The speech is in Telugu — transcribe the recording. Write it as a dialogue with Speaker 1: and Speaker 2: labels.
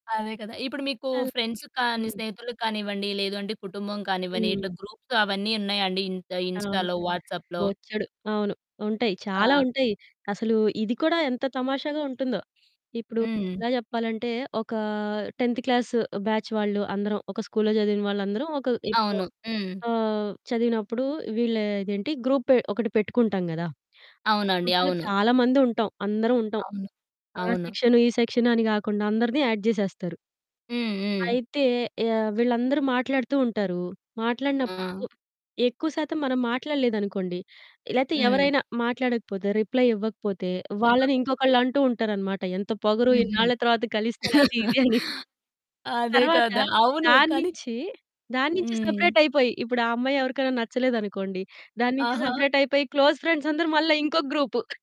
Speaker 1: అదే కదా! ఇప్పుడు మీకు
Speaker 2: తల్
Speaker 1: ఫ్రెండ్స్ కానీ,
Speaker 2: హ్మ్.
Speaker 1: స్నేహితులకి కానివ్వండి, లేదు అంటే కుటుంబం కానివ్వండి.
Speaker 2: హ్మ్.
Speaker 1: ఇట్లా గ్రూప్స్ అవన్నీ ఉన్నాయండి ఇన్
Speaker 2: అవును.
Speaker 1: ఇన్‌స్టాలో, వాట్సాప్‌లో.
Speaker 2: బొచ్చడు. అవును. ఉంటాయి. చాలా
Speaker 1: ఆ!
Speaker 2: ఉంటాయి. అసలు ఇది కూడా ఎంత తమాషాగా ఉంటుందో. ఇప్పుడు
Speaker 1: హ్మ్.
Speaker 2: ఎలా చెప్పాలంటే, ఒక 10త్ క్లాసు బ్యాచ్ వాళ్ళు అందరం ఒక స్కూల్లో చదివిన వాళ్ళందరం. ఒక ఇప్పుడు
Speaker 1: అవును. హ్మ్.
Speaker 2: ఆహ్, చదివినప్పుడు వీళ్ళు ఇదేంటి, గ్రూపే ఒకటి పెట్టుకుంటాం కదా! ఆ
Speaker 1: అవునండి.
Speaker 2: గ్రూప్‌లో
Speaker 1: అవును.
Speaker 2: చాలామంది ఉంటాం. అందరం ఉంటాం.
Speaker 1: అవును.
Speaker 2: ఆ
Speaker 1: అవును.
Speaker 2: సెక్షన్, ఈ సెక్షన్ అని కాకుండా అందరిని యాడ్ జేసేస్తారు.
Speaker 1: హ్మ్. హ్మ్.
Speaker 2: అయితే యహ్! వీళ్ళందరూ మాట్లాడుతూ ఉంటారు. మాట్లాడినప్పుడు
Speaker 1: ఆ!
Speaker 2: ఎక్కువ శాతం మనం మాట్లాడలేదనుకోండి, లేతే
Speaker 1: హ్మ్.
Speaker 2: ఎవరైనా మాట్లాడకపోతే, రిప్లై ఇవ్వకపోతే వాళ్ళని
Speaker 1: ఇవ్వకపోతే.
Speaker 2: ఇంకొకళ్ళు అంటూ ఉంటారన్నమాట. ఎంత పొగరు
Speaker 1: హుహు.
Speaker 2: ఇన్నాళ్ళ తర్వాత కలిస్తే అది ఇది అని.
Speaker 1: అదే
Speaker 2: తర్వాత
Speaker 1: కదా! అవును.
Speaker 2: దాని
Speaker 1: కానీ
Speaker 2: నుంచి దాని నుంచి
Speaker 1: హ్మ్.
Speaker 2: సెపరేట్ అయిపోయి, ఇప్పుడు ఆ అమ్మాయి ఎవరికైనా నచ్చలేదనుకోండి, దాని నుంచి
Speaker 1: ఆహా!
Speaker 2: సెపరేట్ అయిపోయి, క్లోజ్ ఫ్రెండ్స్ అందరూ మళ్ళా ఇంకొక గ్రూపు.